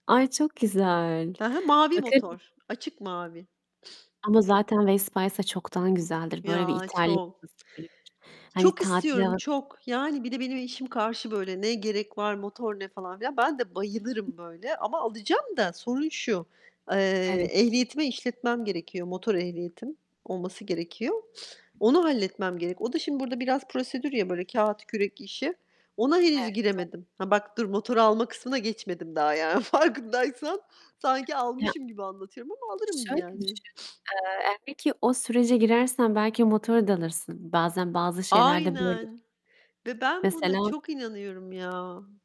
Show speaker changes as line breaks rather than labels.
Ay, çok güzel.
Hı hı, mavi
[unintelligible]
motor. Açık mavi.
Ama zaten Vespa'ysa çoktan güzeldir. Böyle bir
Ya,
İtalya
çok.
[unintelligible] hani,
Çok
tatil
istiyorum,
[unintelligible]
çok. Yani bir de benim eşim karşı böyle; "Ne gerek var, motor ne?" falan filan. Ben de bayılırım böyle. Ama alacağım da sorun şu: Eee,
Evet.
ehliyetime işletmem gerekiyor, motor ehliyetim olması gerekiyor. Onu halletmem gerek. O da şimdi burada biraz prosedür ya, böyle kağıt, kürek işi. Ona henüz
Evet, doğ
giremedim. Ha, bak dur, motoru alma kısmına geçmedim daha yani farkındaysan. Sanki
Ya
almışım gibi anlatıyorum ama alırım
Şöyle
yani.
düşün, eee, [unintelligible] o sürece girersen belki motoru da alırsın. Bazen bazı şeyler de böyle
Aynen ve ben buna
Mesela
çok inanıyorum ya.